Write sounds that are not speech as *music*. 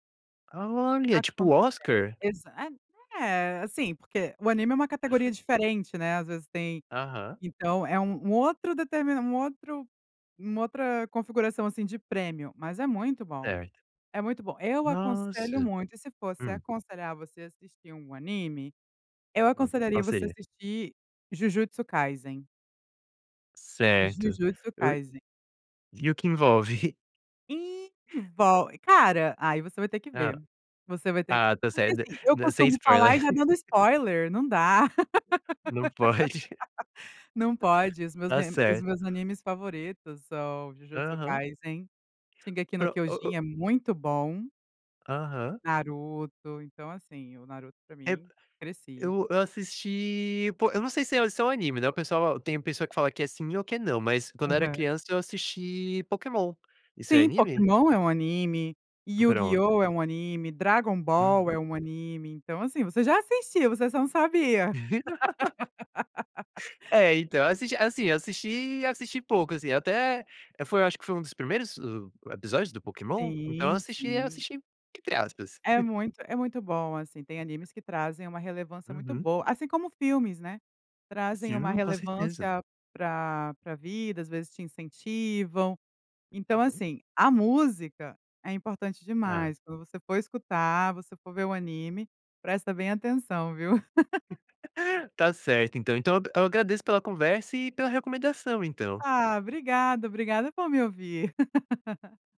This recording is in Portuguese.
Olha, *laughs* tipo Oscar. *unintelligible* É assim porque o anime é uma categoria *laughs* diferente, né, às vezes tem, Aham. então é um um outro deter um outro uma outra configuração assim de prêmio, mas é muito bom, Certo. é muito bom. Eu aconselho Nossa. muito e se fosse Hum. aconselhar você a assistir um anime, eu Uhum, aconselharia você a parceria. assistir Jujutsu Kaysen. Certo. Jujutsu Kaysen. E o que envolve? Envol cara, aí você vai ter que Hã, ver, você vai ter ah está porque certo, assim, eu sem costumo spoiler. falar e já dando *laughs* spoiler, não dá. Não pode. *laughs* *laughs* Não pode, os meus Está me os certo. meus animes favoritos são, Jujutsu Aham. kaisen, Shingeki no Pro o o. kyojin é muito bom. Aham. Naruto, então assim, o Naruto para É, mim, cresci. eu eu assisti, pô, eu não sei se se é um anime né, o pessoal, tem pessoa que fala que é sim, ou que não, mas quando era Aham. criança eu assisti Pokémon. Isso é Sim, anime? Pokemon é um anime, Pronto. YuGiOh é um anime, Dragon Ball é Uhum. um anime, então assim você já assistiu, você só não sabia. *laughs* *laughs* Então assim, assisti e assisti pouco assim, até foi acho que foi um dos primeiros episódios do Pokémon, então eu Sim, assisti eu sim. assisti entre aspas. É muito é muito bom assim, tem animes que trazem uma relevância muito Uhum. boa, assim como filmes, né, trazem uma Sim, com certeza. relevância para para vida, às vezes te incentivam. Então Uhum. assim, a música é importante Hã. demais, quando você for escutar, você for ver o anime, presta bem atenção viu. *laughs* *laughs* Está certo então, então eu eu agradeço pela conversa e pela recomendação, então. Ah, obrigada, obrigada por me ouvir. *laughs*